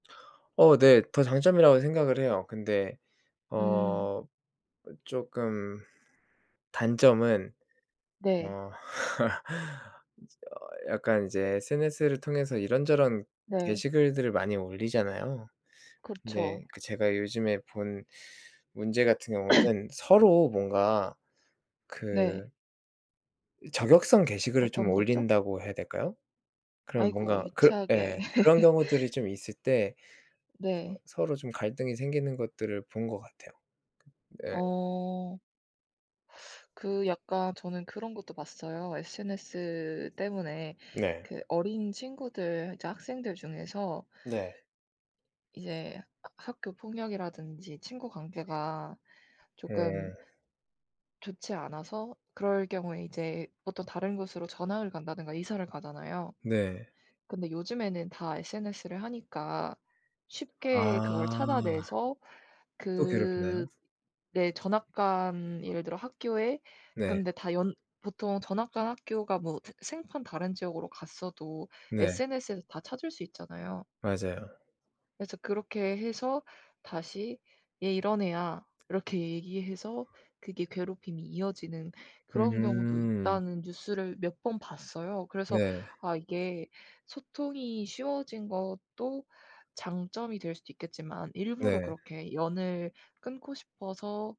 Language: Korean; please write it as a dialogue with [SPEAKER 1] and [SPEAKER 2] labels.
[SPEAKER 1] 어 네. 더 장점이라고 생각을 해요. 근데
[SPEAKER 2] 음.
[SPEAKER 1] 어 쪼끔 단점은
[SPEAKER 2] 네.
[SPEAKER 1] 어 이제 어 약간 이제 SNS를 통해서 이런저런
[SPEAKER 2] 네.
[SPEAKER 1] 게시글들을 많이 올리잖아요.
[SPEAKER 2] 그쵸.
[SPEAKER 1] 근데 그 제가 요즘에 본 문제 같은 경우는 서로 뭔가
[SPEAKER 2] 네.
[SPEAKER 1] 그 이 저격성 게시글을 좀
[SPEAKER 2] 어떤 거죠?
[SPEAKER 1] 올린다고 해야 될까요? 그런
[SPEAKER 2] 아이고
[SPEAKER 1] 뭔가 그
[SPEAKER 2] 유치하게.
[SPEAKER 1] 예 그런 경우들이 좀 있을 때 어
[SPEAKER 2] 네.
[SPEAKER 1] 서로 좀 갈등이 생기는 것들을 본 것 같아요. 네.
[SPEAKER 2] 어. 그 약간 저는 그런 것도 봤어요. SNS 때문에
[SPEAKER 1] 네.
[SPEAKER 2] 그 어린 친구들 이제 학생들 중에서
[SPEAKER 1] 네.
[SPEAKER 2] 이제 하 학교 폭력이라든지 친구 관계가 쪼끔
[SPEAKER 1] 음.
[SPEAKER 2] 좋지 않아서 그럴 경우에 이제 어떤 다른 곳으로 전학을 간다든가 이사를 가잖아요.
[SPEAKER 1] 네.
[SPEAKER 2] 근데 요즘에는 다 SNS를 하니까 쉽게 그걸
[SPEAKER 1] 아.
[SPEAKER 2] 찾아내서
[SPEAKER 1] 또
[SPEAKER 2] 그
[SPEAKER 1] 괴롭히나요?
[SPEAKER 2] 네 전학 간 예를 들어 학교에
[SPEAKER 1] 네.
[SPEAKER 2] 근데 다 연 보통 전학 간 학교가 뭐 생 생판 다른 지역으로 갔어도
[SPEAKER 1] 네.
[SPEAKER 2] SNS에서 다 찾을 수 있잖아요.
[SPEAKER 1] 맞아요.
[SPEAKER 2] 그래서 그렇게 해서 다시 "얘 이런 애야." 이렇게 얘기해서 그게 괴롭힘이 이어지는 "그런 경우도
[SPEAKER 1] 음.
[SPEAKER 2] 있다."는 뉴스를 몇 번 봤어요. 그래서
[SPEAKER 1] 네.
[SPEAKER 2] 아 이게 소통이 쉬워진 것도 장점이 될 수도 있겠지만 일부러
[SPEAKER 1] 네.
[SPEAKER 2] 그렇게 연을 끊고 싶어서